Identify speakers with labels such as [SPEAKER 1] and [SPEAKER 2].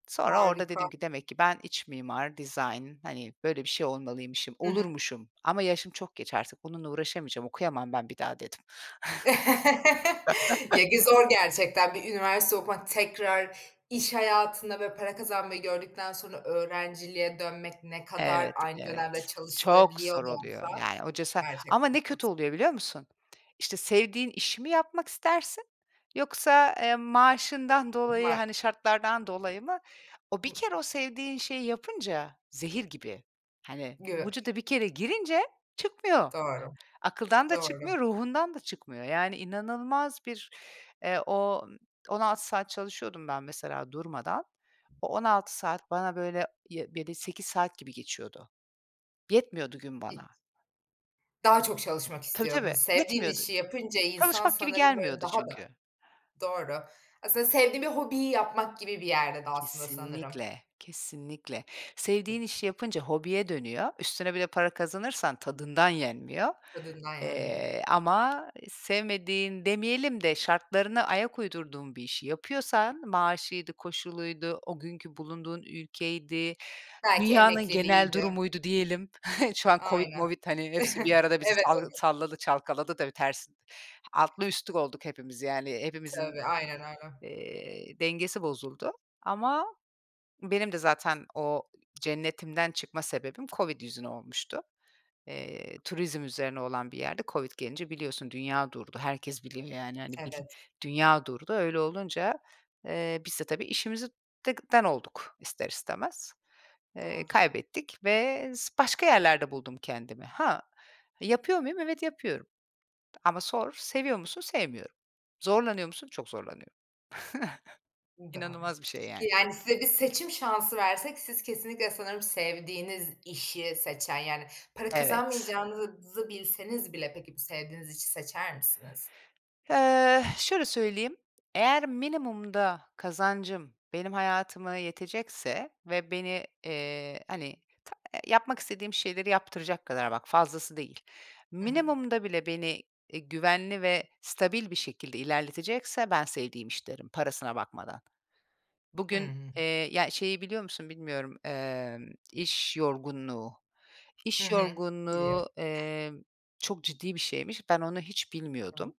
[SPEAKER 1] Sonra orada dedim
[SPEAKER 2] Harika.
[SPEAKER 1] ki, "Demek ki ben iç mimar, dizayn, hani, böyle bir şey olmalıymışım.
[SPEAKER 2] Hı hı.
[SPEAKER 1] Olurmuşum ama yaşım çok geç artık bununla uğraşamayacağım. Okuyamam ben bir daha." dedim.
[SPEAKER 2] Ye bir zor gerçekten, bir üniversite okumak tekrar iş hayatında, böyle, para kazanmayı gördükten sonra öğrenciliğe dönmek, ne kadar
[SPEAKER 1] Evet,
[SPEAKER 2] aynı
[SPEAKER 1] evet.
[SPEAKER 2] dönemde
[SPEAKER 1] Çok
[SPEAKER 2] çalışılabiliyor
[SPEAKER 1] zor
[SPEAKER 2] da
[SPEAKER 1] oluyor.
[SPEAKER 2] olsa,
[SPEAKER 1] Yani o cesar Ama
[SPEAKER 2] gerçekten
[SPEAKER 1] ne
[SPEAKER 2] çok
[SPEAKER 1] kötü
[SPEAKER 2] zor.
[SPEAKER 1] oluyor, biliyor musun? İşte, sevdiğin işi mi yapmak istersin? Yoksa, eee, maaşından dolayı, hani,
[SPEAKER 2] [unintelligible]
[SPEAKER 1] şartlardan dolayı mı? O bir
[SPEAKER 2] Hı
[SPEAKER 1] kere o sevdiğin şeyi yapınca zehir gibi, hani,
[SPEAKER 2] Gö
[SPEAKER 1] vücuda bir kere girince çıkmıyor.
[SPEAKER 2] Doğru.
[SPEAKER 1] Akıldan da
[SPEAKER 2] Doğru.
[SPEAKER 1] çıkmıyor, ruhundan da çıkmıyor. Yani inanılmaz bir, eee, o 16 saat çalışıyordum ben mesela durmadan, o 16 saat bana, böyle, [unintelligible] 7-8 saat gibi geçiyordu. Yetmiyordu gün
[SPEAKER 2] Hiç
[SPEAKER 1] bana.
[SPEAKER 2] Daha çok çalışmak
[SPEAKER 1] Tabii, tabii,
[SPEAKER 2] istiyordunuz. Sevdiğin
[SPEAKER 1] yetmiyordu.
[SPEAKER 2] işi yapınca insan
[SPEAKER 1] Çalışmak gibi
[SPEAKER 2] sanırım böyle
[SPEAKER 1] gelmiyordu
[SPEAKER 2] daha da
[SPEAKER 1] çünkü.
[SPEAKER 2] Doğru. Aslında sevdiğin bir hobiyi yapmak gibi bir yerde de aslında sanırım.
[SPEAKER 1] Kesinlikle, kesinlikle. Sevdiğin
[SPEAKER 2] Peki.
[SPEAKER 1] işi yapınca hobiye dönüyor, üstüne bir de para kazanırsan tadından yenmiyor.
[SPEAKER 2] Tadından yenmiyor.
[SPEAKER 1] Eee, ama sevmediğin demeyelim de şartlarına ayak uydurduğun bir işi yapıyorsan maaşıydı, koşuluydu, o günkü bulunduğun ülkeydi,
[SPEAKER 2] Belki
[SPEAKER 1] dünyanın genel
[SPEAKER 2] emekliliğiydi.
[SPEAKER 1] durumuydu, diyelim. Şu an COVID
[SPEAKER 2] Aynen.
[SPEAKER 1] movid, hani, hepsi bir arada bizi
[SPEAKER 2] Evet,
[SPEAKER 1] sal
[SPEAKER 2] [unintelligible]
[SPEAKER 1] salladı, çalkaladı da bir ters Altlı üstlük olduk hepimiz yani. Hepimizin,
[SPEAKER 2] Tabii, aynen, aynen.
[SPEAKER 1] eee, dengesi bozuldu ama benim de zaten o cennetimden çıkma sebebim COVID yüzüne olmuştu. Eee, turizm üzerine olan bir yerde COVID gelince, biliyorsun, dünya durdu. Herkes biliyor, yani, hani, bil
[SPEAKER 2] Evet.
[SPEAKER 1] dünya durdu. Öyle olunca, eee, biz de tabii işimizi dek den olduk ister istemez. Eee,
[SPEAKER 2] Doğru.
[SPEAKER 1] kaybettik ve s başka yerlerde buldum kendimi. Ha, yapıyor muyum? Evet, yapıyorum ama sor, "Seviyor musun?" Sevmiyorum. "Zorlanıyor musun?" Çok zorlanıyorum.
[SPEAKER 2] I doğru.
[SPEAKER 1] İnanılmaz bir şey yani.
[SPEAKER 2] Yani, se bir seçim şansı versek siz kesinlikle sanırım sevdiğiniz işi seçen Yani para
[SPEAKER 1] Evet.
[SPEAKER 2] kazanmayacağınızı bilseniz bile, peki, sevdiğiniz işi seçer misiniz?
[SPEAKER 1] Eh, şöyle söyleyeyim: Eğer minimumda kazancım benim hayatıma yetecekse ve beni, eee, hani, ta yapmak istediğim şeyleri yaptıracak kadar, bak fazlası değil,
[SPEAKER 2] Hı hı.
[SPEAKER 1] minimumda bile beni, iii, güvenli ve stabil bir şekilde ilerletecekse ben "sevdiğim iş" derim parasına bakmadan. Bugün
[SPEAKER 2] Hıı.
[SPEAKER 1] Eee, ya, şeyi biliyor musun, bilmiyorum: Emm, "iş yorgunluğu."
[SPEAKER 2] Hı
[SPEAKER 1] İş
[SPEAKER 2] hı. Biliyorum.
[SPEAKER 1] yorgunluğu, eee, çok ciddi bir şeymiş. Ben onu hiç bilmiyordum.
[SPEAKER 2] [unintelligible]